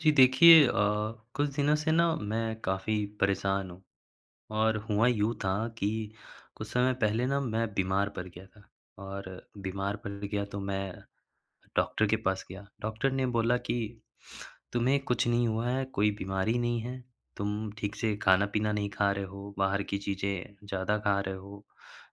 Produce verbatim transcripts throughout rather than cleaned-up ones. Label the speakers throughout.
Speaker 1: जी, देखिए अ, कुछ दिनों से ना मैं काफ़ी परेशान हूँ और हुआ यूँ था कि कुछ समय पहले ना, मैं बीमार पड़ गया था और बीमार पड़ गया, तो मैं डॉक्टर के पास गया। डॉक्टर ने बोला कि, "तुम्हें कुछ नहीं हुआ है, कोई बीमारी नहीं है, तुम ठीक से खाना-पीना नहीं खा रहे हो, बाहर की चीज़ें ज़्यादा खा रहे हो।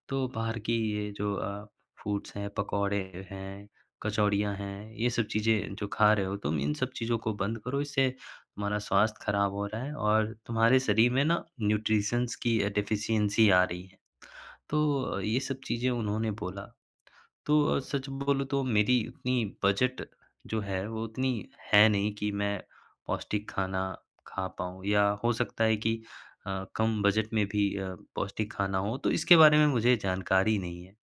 Speaker 1: तो बाहर की ये जो अ, फूड्स हैं, पकौड़े हैं, कचौड़ियाँ हैं, ये सब चीज़ें जो खा रहे हो तुम, इन सब चीज़ों को बंद करो। इससे तुम्हारा स्वास्थ्य खराब हो रहा है और तुम्हारे शरीर में ना न्यूट्रिशन्स की अ, डेफिशिएन्सी आ रही है। तो अ, ये सब चीज़ें उन्होंने बोला। तो अ, सच बोलूँ, तो मेरी इतनी बजट जो है, वो उतनी है नहीं कि मैं पौष्टिक खाना खा पाऊँ या हो सकता है कि अ, कम बजट में भी अ, पौष्टिक खाना हो, तो इसके बारे में मुझे जानकारी नहीं है।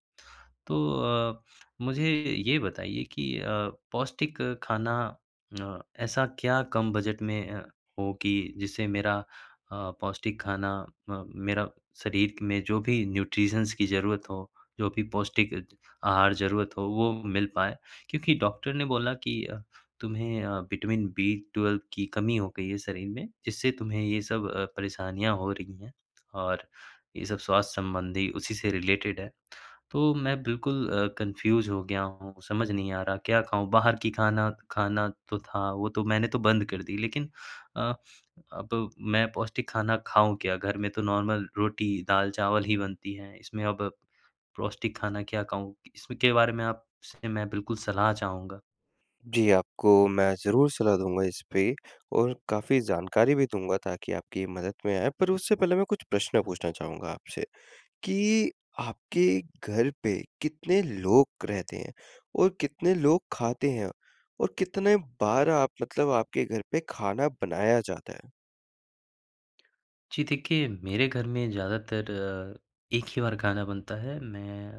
Speaker 1: तो अ, मुझे ये बताइए कि अ, पौष्टिक खाना न ऐसा क्या कम बजट में अ, हो कि जिससे मेरा अ, पौष्टिक खाना अ, मेरा शरीर में जो भी न्यूट्रिशन्स की ज़रूरत हो, जो भी पौष्टिक आहार ज़रूरत हो, वो मिल पाए? क्योंकि डॉक्टर ने बोला कि तुम्हें अ, विटामिन बी ट्वेल्व की कमी हो गई है शरीर में, जिससे तुम्हें ये सब अ, परेशानियाँ हो रही हैं और ये सब स्वास्थ्य संबंधी उसी से रिलेटेड है। तो मैं बिल्कुल अ, कन्फ्यूज़ हो गया हूँ, समझ नहीं आ रहा, क्या खाऊँ? बाहर की खाना खाना तो था, वो तो मैंने तो बंद कर दी, लेकिन अ, अब मैं पौष्टिक खाना खाऊँ क्या? घर में तो नॉर्मल रोटी, दाल-चावल ही बनती है, इसमें अब पौष्टिक खाना क्या खाऊँ? इसके बारे में आपसे मैं बिल्कुल सलाह चाहूँगा।
Speaker 2: जी, आपको मैं ज़रूर सलाह दूँगा इस पे और काफ़ी जानकारी भी दूँगा, ताकि आपकी मदद में आएँ, पर उससे पहले मैं कुछ प्रश्न पूछना चाहूँगा आपसे, कि आपके घर पे कितने लोग रहते हैं और कितने लोग खाते हैं और कितने बार आप मतलब आपके घर पे खाना बनाया जाता है?
Speaker 1: जी देखिए, मेरे घर में ज़्यादातर एक ही बार खाना बनता है। मैं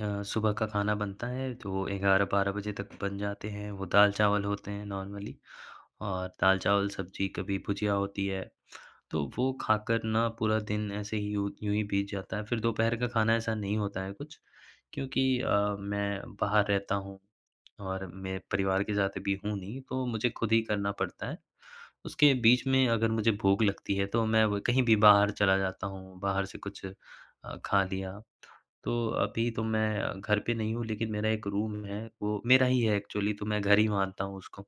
Speaker 1: अ, सुबह का खाना बनता है, तो ए ग्यारह बारह बजे तक बन जाते हैं। वो दाल-चावल होते हैं नॉर्मली और दाल-चावल, सब्ज़ी, कभी भुजिया होती है। तो वो खाकर ना पूरा दिन ऐसे ही यूँ यूँ ही बीत जाता है, फिर दोपहर का खाना ऐसा नहीं होता है कुछ, क्योंकि अ, मैं बाहर रहता हूँ और मैं परिवार के साथ अभी हूँ नहीं, तो मुझे खुद ही करना पड़ता है। उसके बीच में अगर मुझे भूख लगती है, तो मैं व कहीं भी बाहर चला जाता हूँ, बाहर से कुछ अ, खा लिया। तो अभी तो मैं घर पे नहीं हूँ, लेकिन मेरा एक रूम है, वो मेरा ही है एक्चुअली, तो मैं घर ही मानता हूँ उसको।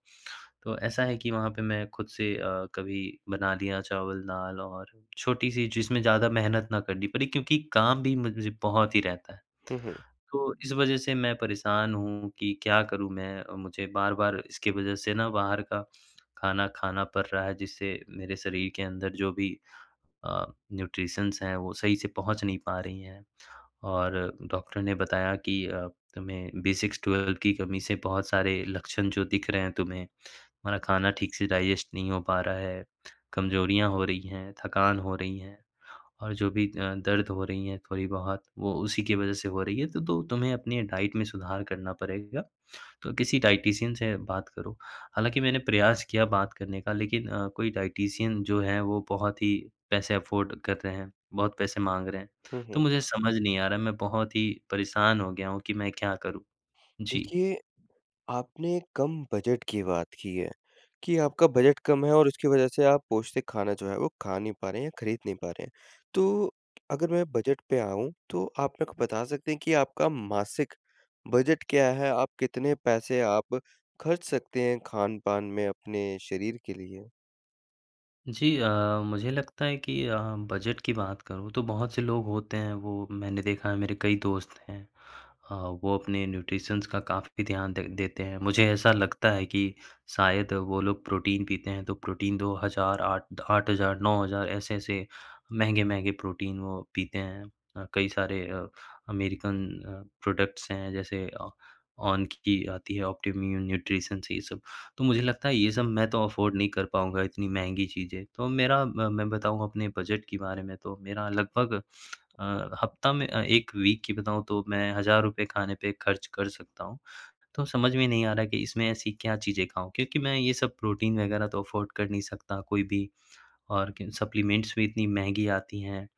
Speaker 1: तो ऐसा है कि वहाँ पे मैं खुद से अ, कभी बना लिया चावल-दाल और छोटी-सी, जिसमें ज़्यादा मेहनत ना करनी पड़े क्योंकि काम भी मुझे बहुत ही रहता है।
Speaker 2: हुँ, हुँ।
Speaker 1: तो इस वज़ह से मैं परेशान हूँ कि क्या करूँ मैं? मुझे बार-बार इसकी वज़ह से ना बाहर का खाना खाना पड़ रहा है, जिससे मेरे शरीर के अंदर जो भी अ, न्यूट्रिशन्स हैं, वो सही से पहुँच नहीं पा रही हैं और डॉक्टर ने बताया कि अ, तुम्हें बी सिक्स, ट्वेल्व की कमी से बहुत सारे लक्षण जो दिख रहे हैं तुम्हें। तुम्हारा खाना ठीक से डाइजेस्ट नहीं हो पा रहा है, कमज़ोरियाँ हो रही हैं, थकान हो रही हैं और जो भी अ, दर्द हो रही हैं थोड़ी-बहुत, वो उसी की वज़ह से हो रही हैं। तो तो तुम्हें अपनी डाइट में सुधार करना पड़ेगा। तो किसी डाइटिशियन से बात करो। हालाँकि मैंने प्रयास किया बात करने का, लेकिन अ, कोई डाइटिशियन जो हैं, वो बहुत ही पैसे अफ़ोर्ड कर रहे हैं, बहुत पैसे माँग रहे हैं।
Speaker 2: हुँ,
Speaker 1: तो
Speaker 2: हुँ।
Speaker 1: मुझे समझ नहीं आ रहा है, मैं बहुत ही परेशान हो गया हूँ कि मैं क्या करूँ? जी।
Speaker 2: देखिए, आपने कम बजट की बात की है कि आपका बजट कम है और उसकी वज़ह से आप पौष्टिक खाना जो है, वो खा नहीं पा रहे हैं या ख़रीद नहीं पा रहे हैं। तो अगर मैं बजट पे आऊँ, तो आप मेरे को बता सकते हैं कि आपका मासिक बजट क्या है? आप कितने पैसे आप खर्च सकते हैं, खान-पान में अपने शरीर के लिए?
Speaker 1: जी। अ, मुझे लगता है कि अ, बजट की बात करूँ, तो बहुत से लोग होते हैं। वो मैंने देखा है मेरे कई दोस्त हैं अ, वो अपने न्यूट्रिशन का काफ़ी ध्यान दे देते हैं। मुझे ऐसा लगता है कि शायद वो लोग प्रोटीन पीते हैं। तो प्रोटीन दो हज़ार, आठ आठ हज़ार, नौ हज़ार ऐसे-ऐसे महँगे-महँगे प्रोटीन वो पीते हैं। अ, कई सारे अ, अमेरिकन अ, प्रोडक्ट्स हैं, जैसे अ, ऑन की आती हैं ऑप्टिमम न्यूट्रिशन ये सब तो मुझे लगता है ये सब मैं तो अफ़ोर्ड नहीं कर पाऊँगा इतनी महँगी चीज़ें तो मेरा, मैं बताऊँ अपने बजट के बारे में तो मेरा लगभग अ, हफ़्ता में एक वीक की बताऊँ तो मैं हज़ार रुपए खाने पे ख़र्च कर सकता हूँ। तो समझ में नहीं आ रहा है कि इसमें ऐसी क्या चीज़ें खाऊँ क्योंकि मैं ये सब प्रोटीन वग़ैरह तो अफ़ोर्ड कर नहीं सकता कोई भी और क सप्लीमेंट्स भी इतनी महँगी आती हैं अ,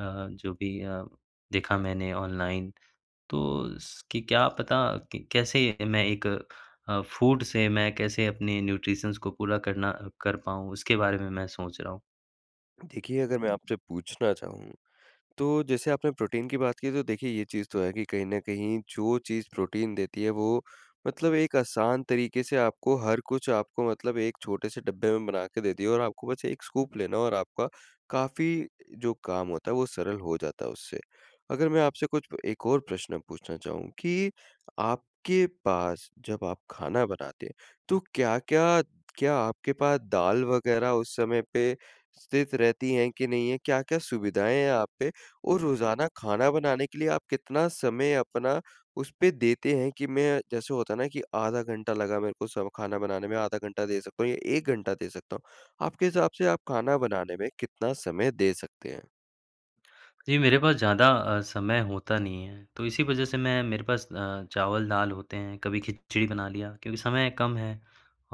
Speaker 1: जो भी अ, देखा मैंने ऑनलाइन तो स कि क्या पता क कैसे मैं एक अ, फूड से मैं कैसे अपने न्यूट्रिशन्स को पूरा करना अ कर पाऊँ उसके बारे में मैं सोच रहा हूँ।
Speaker 2: देखिए अगर मैं आपसे पूछना चाहूँ, तो जैसे आपने प्रोटीन की बात की तो देखिए ये चीज़ तो है कि कहीं न कहीं जो चीज़ प्रोटीन देती है वो मतलब एक आसान तरीक़े से आपको हर कुछ आपको मतलब एक छोटे से डब्बे में बना के दिया है और आपको बस एक स्कूप लेना है और आपका काफ़ी अ, जो काम होता है, वो सरल हो जाता है, उससे। अगर मैं आपसे कुछ अ, एक और प्रश्न पूछना चाहूँ कि आपके पास जब आप खाना बनाते हैं, तो क्या-क्या, क्या आपके पास दाल वगैरह उस समय पे स्थित रहतीं है कि नहीं है? क्या-क्या सुविधाएँ हैं आप पे? और रोज़ाना खाना बनाने के लिए आप कितना समय अपना उस पे देते हैं कि मैं जैसे होता है ना कि आधा घंटा लगा मेरे को सब खाना बनाने में आधा घंटा दे सकता हूँ या एक घंटा दे सकता हूँ, आपके हिसाब से आप खाना बनाने में कितना समय दे सकते हैं?
Speaker 1: जी। मेरे पास ज़्यादा अ, समय होता नहीं है तो इसी वजह से मैं मेरे पास अ, चावल दाल होते हैं कभी खिचड़ी बना लिया क्योंकि समय कम है।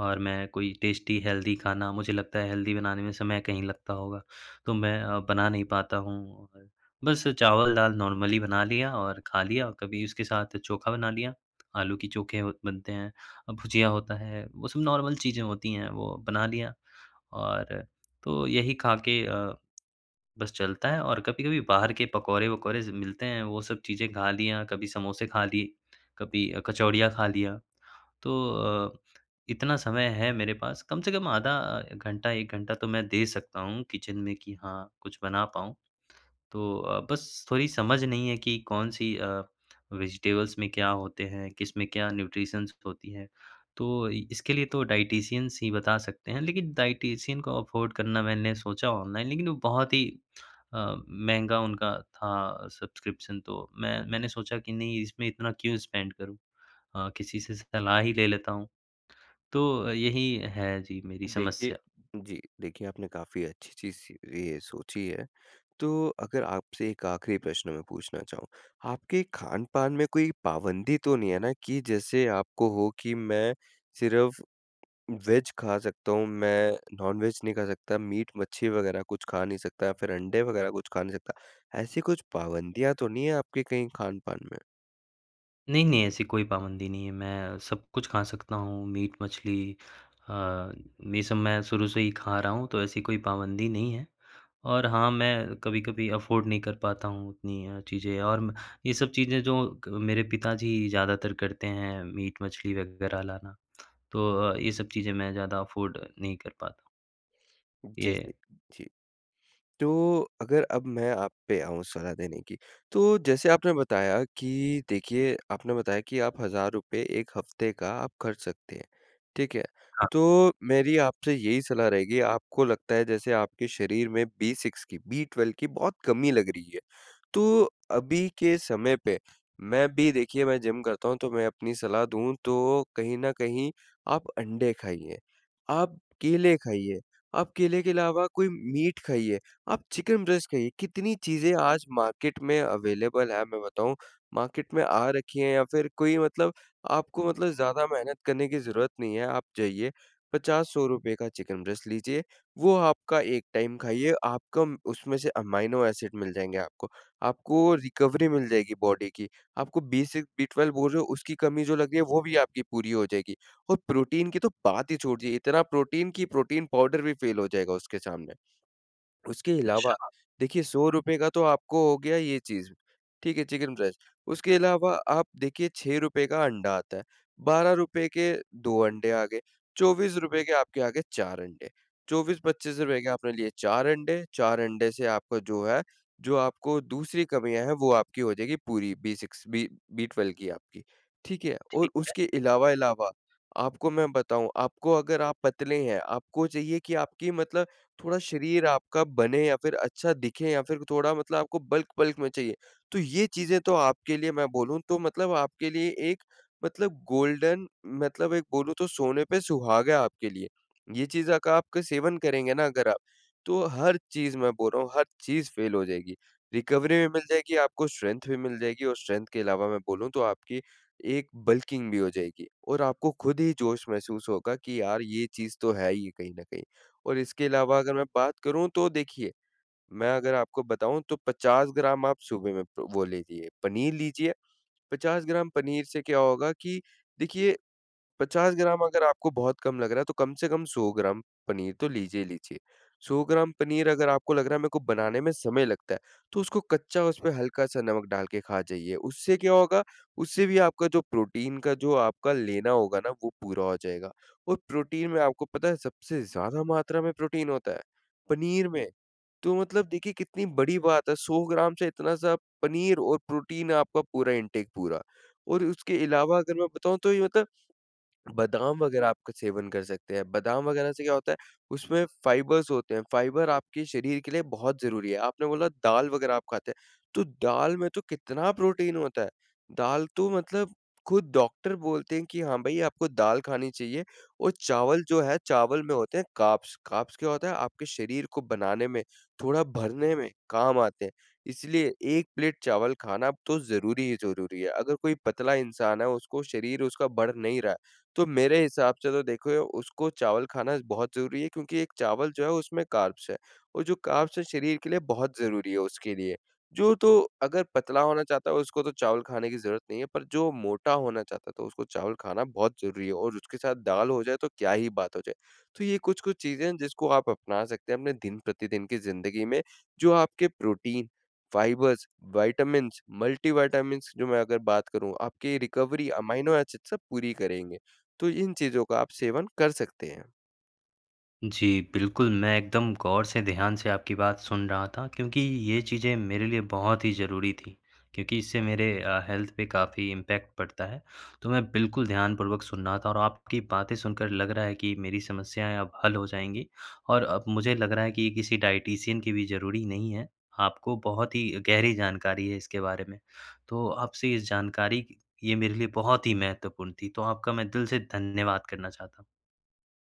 Speaker 1: और मैं कोई टेस्टी हेल्दी खाना मुझे लगता है हेल्दी बनाने में समय कहीं लगता होगा तो मैं अ, बना नहीं पाता हूँ। और बस चावल दाल नॉर्मली बना लिया और खा लिया और कभी उसके साथ चोखा बना लिया। आलू की चोखे अ, बनते हैं और भुजिया होता है वो सब नॉर्मल चीज़ें होतीं हैं वो बना लिया। और, तो यही खा के अ, बस चलता है और कभी-कभी बाहर के पकौड़े-वकौड़े सब मिलते हैं वो सब चीजें खा लिया, कभी समोसे खा लिए, कभी अ कचौड़ियाँ खा लिया। तो अ, इतना समय है मेरे पास कम से कम आधा अ, घंटा एक घंटा तो मैं दे सकता हूँ किचन में कि हाँ कुछ बना पाऊँ। तो अ, बस थोड़ी समझ नहीं है कि कौन-सी अ, वेजिटेबल्स में क्या होते हैं, किसमें क्या न्यूट्रिशंस होती हैं तो अ, इसके लिए तो डायटीशियन ही बता सकते हैं। लेकिन डायटीशियन को अफोर्ड करना मैंने सोचा ऑनलाइन लेकिन वो बहुत ही, अ, महँगा उनका था सब्सक्रिप्शन तो मैं मैंने सोचा कि नहीं इसमें इतना क्यों स्पेंड करूँ अ, किसी से सलाह ही ले लेता हूँ। तो यही है जी मेरी
Speaker 2: देखिए,
Speaker 1: समस्या।
Speaker 2: जी। देखिए आपने काफ़ी अच्छी चीज़-सी ये सोची है। तो अगर आपसे एक आख़िरी प्रश्न मैं पूछना चाहूँ, आपके खानपान में कोई पाबंदी तो नहीं है ना कि जैसे आपको हो कि मैं सिर्फ़ वेज खा सकता हूँ मैं नॉन-वेज नहीं खा सकता मीट -मच्छी वगैरह कुछ खा नहीं सकता, या फिर अंडे वगैरह कुछ खा नहीं सकता, ऐसी कुछ पाबंदियाँ तो नहीं है आपकी कहीं खानपान में?
Speaker 1: नहीं, नहीं। ऐसी कोई पाबंदी नहीं है मैं सब कुछ खा सकता हूँ मीट-मछली अ, ये सब मैं शुरू से ही खा रहा हूँ। तो ऐसी कोई पाबंदी नहीं है। और हाँ, मैं कभी-कभी अफ़ोर्ड नहीं कर पाता हूँ, उतनी अ, चीज़ें और म ये सब चीज़ें जो क मेरे अ, पिताजी ज़्यादातर करते हैं मीट-मछली वग़ैरह लाना। तो अ, ये सब चीज़ें मैं ज़्यादा अफ़ोर्ड नहीं कर पाता।
Speaker 2: जैसे,
Speaker 1: ये।
Speaker 2: जी। तो अगर अब मैं आप पे आऊँ सलाह देने की। तो जैसे आपने बताया कि देखिए आपने बताया कि आप हज़ार रुपए एक हफ़्ते का आप ख़र्च सकते हैं। ठीक है?
Speaker 1: हाँ।
Speaker 2: तो मेरी आपसे यही सलाह रहेगी आपको लगता है जैसे, आपके शरीर में B6 की, B12 की बहुत कमी लग रही है। तो अभी के समय पे मैं भी देखिए मैं जिम करता हूँ तो मैं अपनी सलाह दूँ तो कहीं न कहीं आप अंडे खाइए। आप केले खाइए, आप केले के अलावा कोई मीट खाइए। आप चिकन ब्रेस्ट खाइए, कितनी चीज़ें आज मार्केट में अवेलेबल है मैं बताऊँ, मार्केट में आ रखी है या फ़िर कोई मतलब आपको मतलब ज़्यादा मेहनत करने की ज़रूरत नहीं है। आप जाइए पचास सौ रुपए का चिकन ब्रेस्ट लीजिए। वो आपका एक टाइम खाइए, आपका म उसमें से अमाइनो एसिड मिल जाएँगे आपको। आपको रिकवरी मिल जाएगी बॉडी की। आपको B6-B12 वो जो उसकी कमी जो लग रही है वो भी आपकी पूरी हो जाएगी। और प्रोटीन की तो बात ही छोड़ दीजिए इतना प्रोटीन की प्रोटीन पाउडर भी फ़ेल हो जाएगा उसके सामने। उसके इलावा
Speaker 1: अच्छा।
Speaker 2: देखिए सौ रुपए का तो आपको हो गया ये चीज़ ठीक है चिकन ब्रेस्ट उसके अलावा आप देखिए छह रुपए का अंडा आता है। बारह रुपए के दो अंडे आ गए, चौबीस रुपए के आपके आ गए चार अंडे, चौबीस पचीस रुपए के आपने लिए चार अंडे, चार अंडे से आपका जो है, जो आपको दूसरी कमियाँ हैं वो आपकी हो जाएगी पूरी, B6-B12 की आपकी ठीक है और
Speaker 1: ठीक है।
Speaker 2: उसके इलावा इलावा आपको मैं बताऊँ आपको अगर आप पतले हैं आपको चाहिए कि आपकी मतलब थोड़ा शरीर आपका बने या फ़िर अच्छा दिखे या फ़िर थोड़ा मतलब आपको बल्क-बल्क में चाहिए। तो ये चीज़ें तो आपके लिए मैं बोलूँ तो मतलब आपके लिए एक मतलब गोल्डन मतलब एक बोलूँ तो सोने पे सुहागा है आपके लिए। ये चीज़ों का आपका सेवन करेंगे ना अगर आप, तो हर चीज़ मैं बोल रहा हूँ, हर चीज़ फ़ेल हो जाएगी। रिकवरी भी मिल जाएगी आपको स्ट्रेंथ भी मिल जाएगी और स्ट्रेंथ के इलावा मैं बोलूँ तो आपकी एक बल्किंग भी हो जाएगी। और आपको खुद ही जोश महसूस होगा कि यार ये चीज़ तो है ही कहीं न कहीं। और इसके इलावा अगर मैं बात करूँ तो देखिए मैं अगर आपको बताऊँ तो पचास ग्राम आप सुबह में प्रो वो ले लिए पनीर लीजिए। पचास ग्राम पनीर से क्या होगा कि देखिए पचास ग्राम अगर आपको बहुत कम लग रहा है तो कम से कम सौ ग्राम पनीर तो लीजिए ही लीजिए। सौ ग्राम पनीर अगर आपको लग रहा है मैं को बनाने में समय लगता है, तो उसको कच्चा उसमें हल्का सा नमक डाल के खा जाइए। उससे क्या होगा, उससे भी आपका जो प्रोटीन का जो आपका लेना होगा ना वो पूरा हो जाएगा। और प्रोटीन में आपको पता है सबसे ज़्यादा मात्रा में प्रोटीन होता है। पनीर में, तो मतलब देखिए कितनी बड़ी बात है सौ ग्राम से इतना सा पनीर और प्रोटीन आपका पूरा इंटेक पूरा। और उसके इलावा अगर मैं बताऊँ तो ये मतलब बादाम वग़ैरह आपका सेवन कर सकते हैं। बादाम वग़ैरह से क्या होता है उसमें फ़ाइबर्स होते हैं, फ़ाइबर आपके शरीर के लिए बहुत ज़रूरी है। आपने बोला दाल वग़ैरह आप खाते हैं तो दाल में तो कितना प्रोटीन होता है। दाल तो मतलब खुद डॉक्टर बोलते हैं कि, हाँ भाई आपको दाल खानी चाहिए। वो चावल जो है चावल में होते हैं कार्ब्स। कार्ब्स क्या होता है आपके शरीर को बनाने में थोड़ा भरने में काम आते हैं। इसलिए एक प्लेट चावल खाना तो ज़रूरी ही ज़रूरी है। अगर कोई पतला इंसान है उसको शरीर उसका बढ़ नहीं रहा है, तो मेरे हिसाब से तो देखो उसको चावल खाना बहुत ज़रूरी है। क्योंकि एक चावल जो है उसमें कार्ब्स है और जो कार्ब्स है शरीर के लिए बहुत ज़रूरी है उसके लिए। जो तो अगर पतला होना चाहता है उसको तो चावल खाने की ज़रूरत नहीं है पर जो मोटा होना चाहता है तो उसको चावल खाना बहुत ज़रूरी है। और उसके साथ दाल हो जाए तो क्या ही बात हो जाए, तो ये कुछ-कुछ चीज़ें हैं जिसको आप अपना सकते हैं अपने दिन प्रतिदिन की ज़िंदगी में जो आपके protein fibres vitamins, multi vitamins जो मैं अगर बात करूँ आपके रिकवरी अमाइनो एसिड सब पूरी करेंगे। तो इन चीज़ों का आप सेवन कर सकते हैं।
Speaker 1: जी, बिल्कुल। मैं एकदम ग़ौर से ध्यान से आपकी बात सुन रहा था क्योंकि, ये चीज़ें मेरे लिए बहुत ही ज़रूरी थी। क्योंकि इससे मेरे अ, हेल्थ पे काफ़ी इम्पैक्ट पड़ता है, तो मैं बिल्कुल ध्यानपूर्वक सुन रहा था और आपकी बातें सुनकर लग रहा है कि मेरी समस्याएँ अब हल हो जाएँगी। और अब मुझे लग रहा है कि ये किसी डायटीशियन की भी ज़रूरी नहीं है। आपको बहुत ही गहरी जानकारी है इसके बारे में। तो आप इस जानकारी ये मेरे लिए बहुत ही महत्वपूर्ण थी तो आपका मैं दिल से धन्यवाद करना चाहता हूँ।